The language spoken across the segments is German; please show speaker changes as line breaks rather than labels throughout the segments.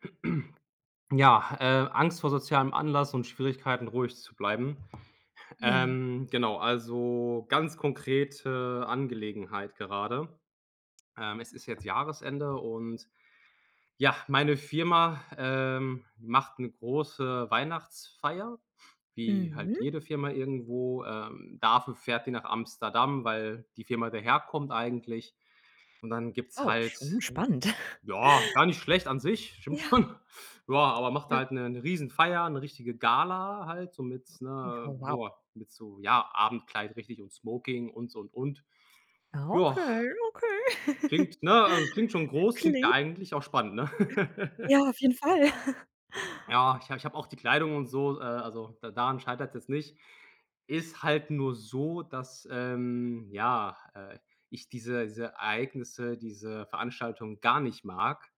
Ja, äh, Angst vor sozialem Anlass und Schwierigkeiten, ruhig zu bleiben.
Ja.
Ähm, genau, also ganz konkrete Angelegenheit gerade. Ähm, es ist jetzt Jahresende und ja, meine Firma, ähm, macht 'ne große Weihnachtsfeier, wie halt
Mhm.
jede Firma irgendwo. Ähm, dafür fährt die nach Amsterdam, weil die Firma daherkommt eigentlich. Und dann gibt's
Oh,
halt
schon spannend.
ja, gar nicht schlecht an sich, stimmt
Ja.
schon. Ja, aber macht
Ja.
halt 'ne 'ne Riesenfeier, 'ne richtige Gala halt, so mit, ne,
Oh, wow.
boah, mit so, ja, Abendkleid richtig und Smoking und so und und. Ja,
Okay. Okay.
klingt, ne? Also, es klingt schon groß, klingt ja
Klingt
eigentlich auch spannend, ne?
Ja, auf jeden Fall.
Ja, ich habe ich habe auch die Kleidung und so, äh, also da daran scheitert's jetzt nicht. Ist halt nur so, dass, ähm, ja, äh, ich diese diese Ereignisse, diese Veranstaltung gar nicht mag,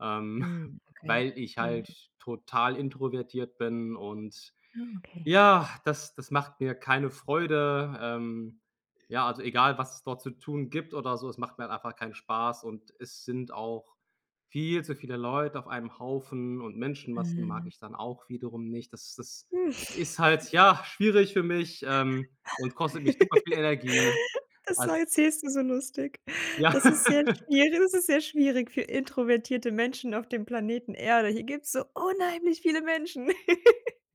ähm,
Mhm. Okay.
weil ich
Mhm.
halt total introvertiert bin. Und
Ah. Okay.
ja, das das macht mir keine Freude. Ähm, ja, also egal, was es dort zu tun gibt oder so, es macht mir halt einfach keinen Spaß und es sind auch viel zu viele Leute auf einem Haufen und Menschenmassen mag
Mhm.
ich dann auch wiederum nicht. Das das ist halt, ja, schwierig für mich, ähm, und kostet mich super viel Energie
Das war
als
erzählst du so lustig.
Ja.
Das ist sehr schwierig, das ist sehr schwierig für introvertierte Menschen auf dem Planeten Erde. Hier gibt's so unheimlich viele Menschen.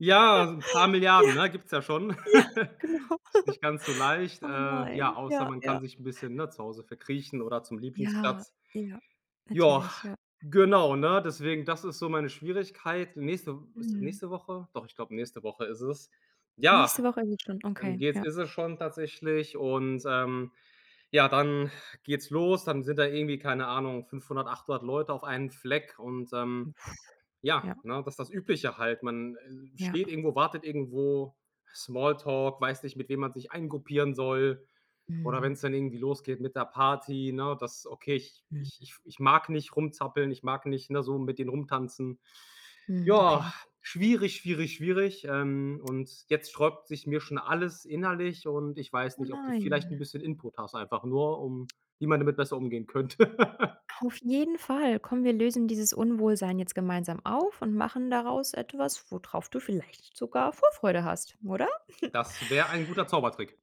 Ja, so 'n paar Milliarden,
Ja.
ne? Gibt's ja schon.
Ja, genau.
Ist nicht ganz so leicht,
Oh
äh.
nein.
Ja, außer
Ja,
man
ja.
kann sich 'n bisschen, ne, zu Hause verkriechen oder zum
Ja,
Lieblingsplatz.
ja,
Ja,
natürlich, ja.
genau, ne? Deswegen, das ist so meine Schwierigkeit. Nächste W ist es
Mhm.
nächste Woche? Doch, ich glaube, nächste Woche ist es. Ja,
Nächste Woche ist es schon,
dann
okay,
geht's
ja.
ist es schon tatsächlich. Und, ähm, ja, dann geht's los, dann sind da irgendwie, keine Ahnung, 500, 800 Leute auf einen Fleck. Und,
Hm,
ähm,
puh.
ja,
Ja.
ne? Das ist das Übliche halt. Man, äh,
Ja.
steht irgendwo, wartet irgendwo, Smalltalk, weiß nicht, mit wem man sich eingruppieren soll oder
Mhm.
wenn's dann irgendwie losgeht mit der Party, ne? Dass okay, ich ich
Mhm.
ich ich mag nicht rumzappeln, ich mag nicht, ne, so mit denen rumtanzen.
Mhm.
Ja,
Okay.
schwierig, schwierig, schwierig. Ähm, und jetzt sträubt sich mir schon alles innerlich. Und ich weiß
Oh
nicht, ob du vielleicht 'n
nein.
bisschen Input hast, einfach nur, um wie man damit besser umgehen könnte.
Auf jeden Fall. Komm, wir lösen dieses Unwohlsein jetzt gemeinsam auf und machen daraus etwas, wo drauf du vielleicht sogar Vorfreude hast, oder?
Das wäre ein guter Zaubertrick.